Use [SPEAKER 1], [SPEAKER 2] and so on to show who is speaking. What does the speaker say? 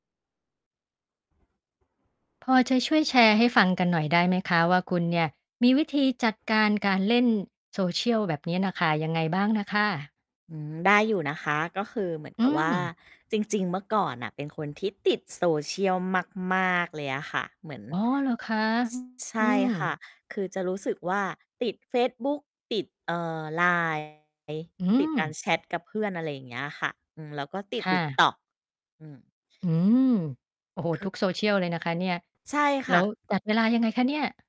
[SPEAKER 1] พอจะช่วยแชร์ให้ฟังกันหน่อยได้ไหมคะว่า คุณเนี่ยมีวิธีจัดการการเล่น social แบบเนี้ยน่ะค่ะ ยังไงบ้างน่ะค่ะ?
[SPEAKER 2] อืม ได้อยู่นะคะ ก็คือเหมือน
[SPEAKER 1] อ
[SPEAKER 2] ก
[SPEAKER 1] ื
[SPEAKER 2] ับว่า
[SPEAKER 1] ม
[SPEAKER 2] จริง ๆ เมื่อก่อนน่ะเป็นคนที่ติด social มาก ๆ เลยอะค่ะ เหมือน
[SPEAKER 1] อ๋อ เหรอคะ
[SPEAKER 2] ซ ใช
[SPEAKER 1] อือ อื
[SPEAKER 2] ่ค่ะ
[SPEAKER 1] ม
[SPEAKER 2] คือจะรู้สึกว่า ติดเฟซบุ๊ก ติด เอ่อ LINE งี้
[SPEAKER 1] อื
[SPEAKER 2] ติดกา
[SPEAKER 1] ม
[SPEAKER 2] รแชตกับเพื่อน อะไรอย่างเงี้ยค่ะ อืม แล้วก็ติด
[SPEAKER 1] ค่ะ
[SPEAKER 2] TikTok อืม
[SPEAKER 1] อืม โอ้โฮ
[SPEAKER 2] คื
[SPEAKER 1] ท
[SPEAKER 2] อ
[SPEAKER 1] ุก social เลยนะคะเนี่ย
[SPEAKER 2] ใช่ค
[SPEAKER 1] แล้
[SPEAKER 2] ่
[SPEAKER 1] ว
[SPEAKER 2] ะ
[SPEAKER 1] จัดเวลายังไงคะเนี่ย?